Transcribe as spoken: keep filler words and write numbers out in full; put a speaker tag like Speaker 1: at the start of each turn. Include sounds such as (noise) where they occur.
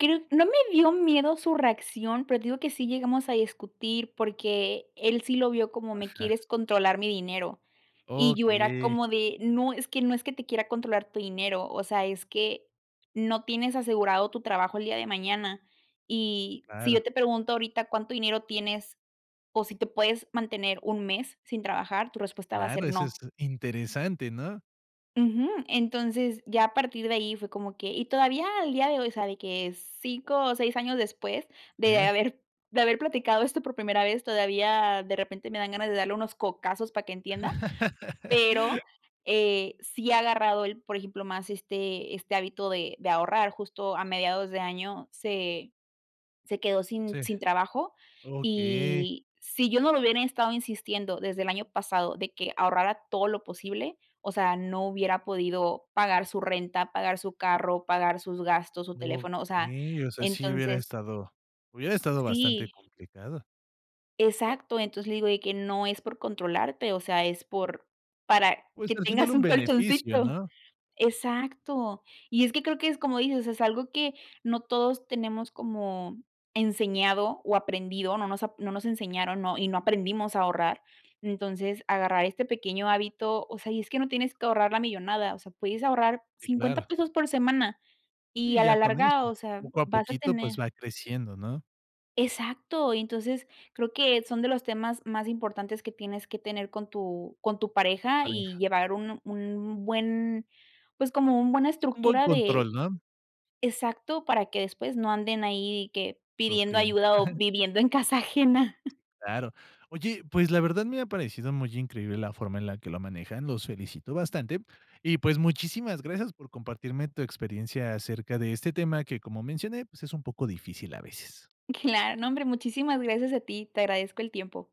Speaker 1: Creo No me dio miedo su reacción, pero te digo que sí llegamos a discutir, porque él sí lo vio como: "Me
Speaker 2: Ajá.
Speaker 1: quieres controlar mi dinero", y yo era
Speaker 2: Okey.
Speaker 1: como de: "No, es que no es que te quiera controlar tu dinero, o sea, es que no tienes asegurado tu trabajo el día de mañana, y si
Speaker 2: Claro.
Speaker 1: yo te pregunto ahorita cuánto dinero tienes o si te puedes mantener un mes sin trabajar, tu respuesta va a
Speaker 2: Claro,
Speaker 1: ser
Speaker 2: eso es
Speaker 1: no".
Speaker 2: interesante, ¿no?
Speaker 1: Ujú, entonces ya a partir de ahí fue como que y todavía al día de hoy, ¿sabe qué? cinco o seis años después de
Speaker 2: Eh.
Speaker 1: haber de haber platicado esto por primera vez, todavía de repente me dan ganas de darle unos cocazos para que entienda,
Speaker 2: (chuckles)
Speaker 1: pero, eh, sí ha agarrado el, por ejemplo, más este este hábito de de ahorrar, justo a mediados de año se se quedó sin
Speaker 2: Sí,
Speaker 1: sin trabajo,
Speaker 2: okey.
Speaker 1: y si yo no lo hubiera estado insistiendo desde el año pasado de que ahorrara todo lo posible, o sea, no hubiera podido pagar su renta, pagar su carro, pagar sus gastos, su teléfono, o sea,
Speaker 2: Okey, o sea, sí hubiera
Speaker 1: entonces
Speaker 2: estado hubiera estado bastante
Speaker 1: Sí.
Speaker 2: complicado,
Speaker 1: Exacto, entonces le digo: "De que no es por controlarte, o sea, es por para
Speaker 2: Pues,
Speaker 1: que
Speaker 2: al final,
Speaker 1: tengas
Speaker 2: un
Speaker 1: un
Speaker 2: beneficio,
Speaker 1: colchoncito"
Speaker 2: ¿no?
Speaker 1: Exacto, y es que creo que es como dices, es algo que no todos tenemos como enseñado o aprendido, no nos ap no nos enseñaron, ¿no? Y no aprendimos a ahorrar, entonces, agarrar este pequeño hábito, o sea, y es que no tienes que ahorrar la millonada, o sea, puedes ahorrar
Speaker 2: Sí,
Speaker 1: cincuenta
Speaker 2: claro.
Speaker 1: pesos por semana, y
Speaker 2: Sí,
Speaker 1: a la
Speaker 2: ya con eso,
Speaker 1: larga, o sea,
Speaker 2: poco a
Speaker 1: vas a
Speaker 2: poquito, pues
Speaker 1: tener
Speaker 2: va creciendo, ¿no?
Speaker 1: Exacto, y entonces creo que son de los temas más importantes que tienes que tener con tu con tu pareja y
Speaker 2: Pareja.
Speaker 1: llevar un un buen, pues, como un buena
Speaker 2: Un buen
Speaker 1: estructura de
Speaker 2: control, ¿no?
Speaker 1: exacto, para que después no anden ahí que pidiendo
Speaker 2: Sufrían.
Speaker 1: ayuda o
Speaker 2: (chuckles)
Speaker 1: viviendo en casa ajena.
Speaker 2: Claro. Oye, pues la verdad me ha parecido muy increíble la forma en la que lo manejan, los felicito bastante. Y, pues, muchísimas gracias por compartirme tu experiencia acerca de este tema que, como mencioné, pues es un poco difícil a veces.
Speaker 1: Claro, no, hombre, muchísimas gracias a ti, te agradezco el tiempo.